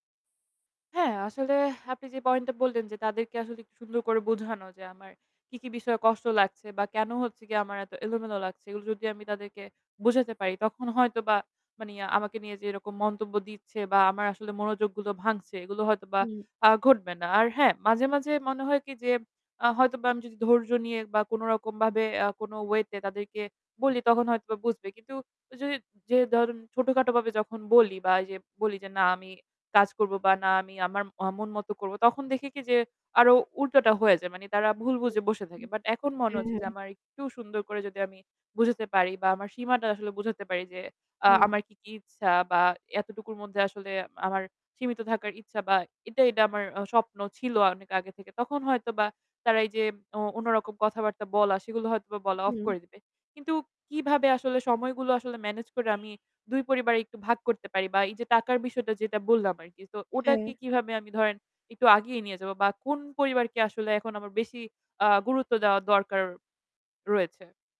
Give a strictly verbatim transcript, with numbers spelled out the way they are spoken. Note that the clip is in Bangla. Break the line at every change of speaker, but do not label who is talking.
হ্যাঁ, আসলে আপনি যে পয়েন্ট টা বললেন যে তাদেরকে আসলে একটু সুন্দর করে বোঝানো যে আমার কি, কি বিষয়ে কষ্ট লাগছে, বা কেন হচ্ছে গিয়ে আমার এত এলোমেলো লাগছে এগুলো যদি আমি তাদেরকে বুঝাতে পারি। তখন হয়তোবা মানি, আমাকে নিয়ে যে এরকম মন্তব্য দিচ্ছে বা আমার আসলে মনোযোগগুলো ভাঙছে এগুলো হয়তোবা
হুম।
আ ঘটবে না। আর হ্যাঁ, মাঝে, মাঝে মনে হয় কি যে আ হয়তোবা আমি যদি ধৈর্য নিয়ে বা কোন রকম ভাবে আ কোন ওয়ে তে তাদেরকে বলি তখন হয়তো বুঝবে। কিন্তু ঐযে যে ধরেন ছোটখাটো ভাবে যখন বলি বা এই যে বলি যে না আমি কাজ করব বা না আমি আমার আ মন মত করব তখন দেখে কি যে আরো উল্টোটা হয়ে যায়। মানি তারা ভুল
[unintelligible]
বুঝে বসে থাকে। বাট এখন মনে
হ্যা,
হচ্ছে
হ্যা।
যে আমার একটু সুন্দর করে যদি আমি বুঝাতে পারি, বা আমার সীমাটা আসলে বুঝাতে পারি। যে আ
হুম।
আমার কি কি ইচ্ছা বা এতটুকুর মধ্যে আসলে আমার সীমিত থাকার ইচ্ছা, বা এটা, এটা আমার স্বপ্ন ছিল অনেক আগে থেকে। তখন হয়তো বা তারা এই যে অ অন্য রকম কথাবার্তা বলা, সেগুলো হয়তো বা বলা অফ
হুম।
করে দিবে। কিন্তু কিভাবে আসলে সময়গুলো আসলে ম্যানেজ করে আমি দুই পরিবারেই একটু ভাগ করতে পারি? বা এই যে টাকার বিষয়টা যেটা বললাম আরকি। তো ওটাকে
হ্যাঁ।
কিভাবে আমি ধরেন একটু আগিয়ে নিয়ে যাব বা কোন পরিবারকে আসলে এখন আমার বেশি আ গুরুত্ব দেওয়া দরকার রয়েছে?